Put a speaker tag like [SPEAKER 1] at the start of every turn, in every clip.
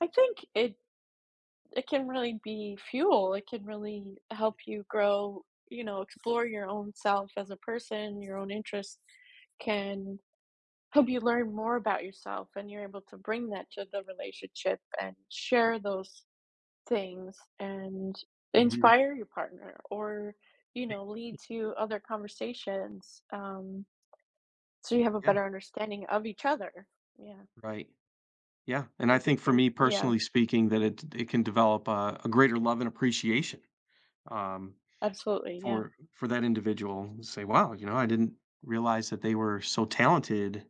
[SPEAKER 1] I think it It can really be fuel. It can really help you grow, you know, explore your own self as a person, your own interest can help you learn more about yourself and you're able to bring that to the relationship and share those things and
[SPEAKER 2] Mhm.
[SPEAKER 1] inspire your partner or you know, lead to other conversations, um so you have a
[SPEAKER 2] Yeah.
[SPEAKER 1] better understanding of each other, yeah.
[SPEAKER 2] Right. Yeah, and I
[SPEAKER 1] Would you
[SPEAKER 2] think for
[SPEAKER 1] agree with
[SPEAKER 2] me
[SPEAKER 1] yeah.
[SPEAKER 2] personally speaking, that it d it can develop a a greater love and appreciation, um,
[SPEAKER 1] Absolutely, yeah.
[SPEAKER 2] for for that individual, say, "Wow", you know, "I didn't realize that they were so talented,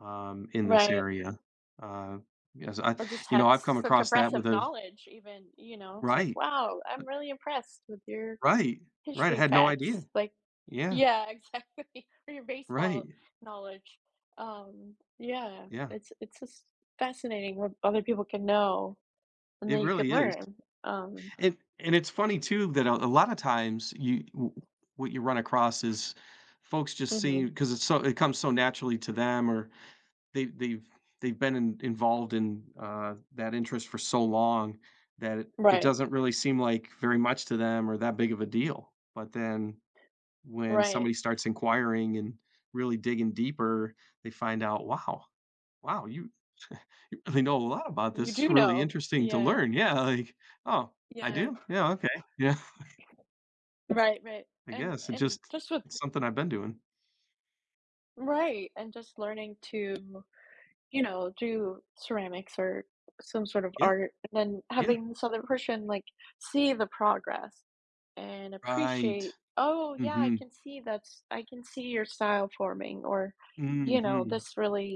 [SPEAKER 2] um, in this
[SPEAKER 1] Right.
[SPEAKER 2] area," uh, because I
[SPEAKER 1] Or just
[SPEAKER 2] you
[SPEAKER 1] had
[SPEAKER 2] know, I've come
[SPEAKER 1] such
[SPEAKER 2] across that with
[SPEAKER 1] impressive
[SPEAKER 2] a
[SPEAKER 1] knowledge even, you know, it's like,
[SPEAKER 2] Right.
[SPEAKER 1] "Wow, I'm
[SPEAKER 2] Uh
[SPEAKER 1] really impressed with your
[SPEAKER 2] Right, right, I
[SPEAKER 1] history
[SPEAKER 2] had no idea.
[SPEAKER 1] facts", like
[SPEAKER 2] Yeah.
[SPEAKER 1] yeah, exactly, or your baseball
[SPEAKER 2] Right.
[SPEAKER 1] knowledge. Um yeah,
[SPEAKER 2] Yeah.
[SPEAKER 1] it's it's just fascinating what other people can know and
[SPEAKER 2] It
[SPEAKER 1] then you could
[SPEAKER 2] really is.
[SPEAKER 1] learn, um.
[SPEAKER 2] And and it's funny too, that a a lot of times, you, w what you run across is folks just
[SPEAKER 1] Mhm.
[SPEAKER 2] see, 'cause it's so it comes so naturally to them or they they've they've been in involved in, uh, that interest for so long that it
[SPEAKER 1] Right.
[SPEAKER 2] doesn't really seem like, very much to them or that big of a deal. But then, when
[SPEAKER 1] Right.
[SPEAKER 2] somebody starts inquiring and really digging deeper, they find out, "Wow, wow, you you really know a lot about this.
[SPEAKER 1] You
[SPEAKER 2] It's
[SPEAKER 1] do
[SPEAKER 2] really
[SPEAKER 1] know,
[SPEAKER 2] interesting to
[SPEAKER 1] yeah.
[SPEAKER 2] learn," yeah, like, "Oh, I
[SPEAKER 1] Yeah.
[SPEAKER 2] do? Yeah, okay, yeah."
[SPEAKER 1] Right right,
[SPEAKER 2] I
[SPEAKER 1] and
[SPEAKER 2] guess it's
[SPEAKER 1] and
[SPEAKER 2] just,
[SPEAKER 1] just with
[SPEAKER 2] it's something I've been doing.
[SPEAKER 1] Right, and just learning to you know, do ceramics or some sort of
[SPEAKER 2] Yeah.
[SPEAKER 1] art and then
[SPEAKER 2] Yeah.
[SPEAKER 1] having this other person like see the progress and
[SPEAKER 2] Right.
[SPEAKER 1] appreciate, "Oh yeah, I
[SPEAKER 2] Mhm.
[SPEAKER 1] can see that's, I can see your style forming," or you know,
[SPEAKER 2] Mhm.
[SPEAKER 1] "this really"